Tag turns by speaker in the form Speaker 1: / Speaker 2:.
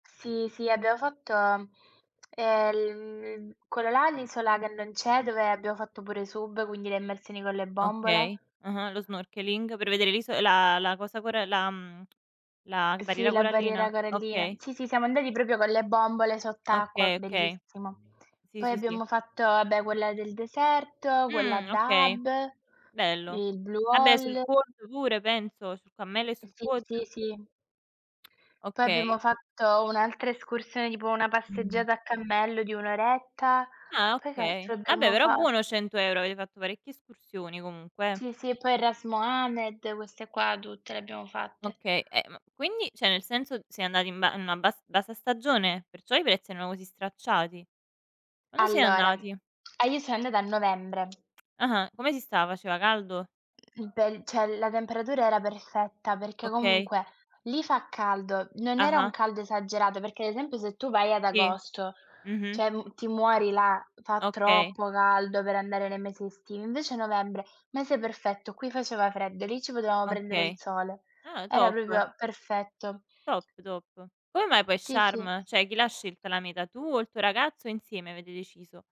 Speaker 1: Sì, sì abbiamo fatto, ehm l mhmm quello là, l'isola che non c'è, dove abbiamo fatto pure sub, quindi le immersioni con le bombole.
Speaker 2: Okay, uh-uh, lo snorkeling, per vedere l'iso la la cosa coral la mhmm, la
Speaker 1: Sì,
Speaker 2: barriera
Speaker 1: la barriera
Speaker 2: corallina?
Speaker 1: corallina.
Speaker 2: Okay.
Speaker 1: Sì, sì, siamo andati proprio con le bombole sott'acqua,
Speaker 2: Okay, okay.
Speaker 1: bellissimo.
Speaker 2: Sì,
Speaker 1: Poi
Speaker 2: sì, sì.
Speaker 1: abbiamo fatto, vabbè, quella del deserto, quella a
Speaker 2: Mh, okay,
Speaker 1: Dahab,
Speaker 2: bello.
Speaker 1: il Blue
Speaker 2: Vabbè sul
Speaker 1: Hole
Speaker 2: quad pure penso, sul cammello e
Speaker 1: Uhm,
Speaker 2: sul
Speaker 1: sì,
Speaker 2: quad?
Speaker 1: sì, sì. Poi
Speaker 2: Okay.
Speaker 1: abbiamo fatto un'altra escursione, tipo una
Speaker 2: Mh.
Speaker 1: passeggiata a cammello di un'oretta.
Speaker 2: Ah
Speaker 1: Poi che altro
Speaker 2: okay. Ah, beh,
Speaker 1: abbiamo
Speaker 2: però
Speaker 1: fatto?
Speaker 2: buono 100€, avete fatto parecchie escursioni comunque eh.
Speaker 1: Sì, sì, poi il Ras Mohammed, queste qua tutte le abbiamo fatte.
Speaker 2: Okay, eh ma quindi cioè nel senso siete andati in ba in una bas bassa stagione? Perciò i prezzi erano così stracciati? Quando siete
Speaker 1: Allora
Speaker 2: andati?
Speaker 1: ah io sono andata a Novembre.
Speaker 2: Ah-ah. Come si stava? Faceva caldo?
Speaker 1: In pell cioè la temperatura era perfetta, perché
Speaker 2: Okay.
Speaker 1: comunque lì fa caldo, non era un
Speaker 2: Ah-ah.
Speaker 1: caldo esagerato, perché ad esempio se tu vai ad
Speaker 2: Sì.
Speaker 1: agosto,
Speaker 2: Mh-mh.
Speaker 1: cioè m ti muori là, fa
Speaker 2: Okay.
Speaker 1: troppo caldo per andare nei mesi estivi, invece novembre, mese perfetto qui faceva freddo, lì ci potevamo prendere il
Speaker 2: Okay.
Speaker 1: sole.
Speaker 2: Ah,
Speaker 1: Era
Speaker 2: top.
Speaker 1: proprio perfetto.
Speaker 2: Top, top. Come mai poi
Speaker 1: Sì, sì.
Speaker 2: Sharm? Cioè chi l'ha scelta la meta? Tu o il tuo ragazzo o insieme avete deciso?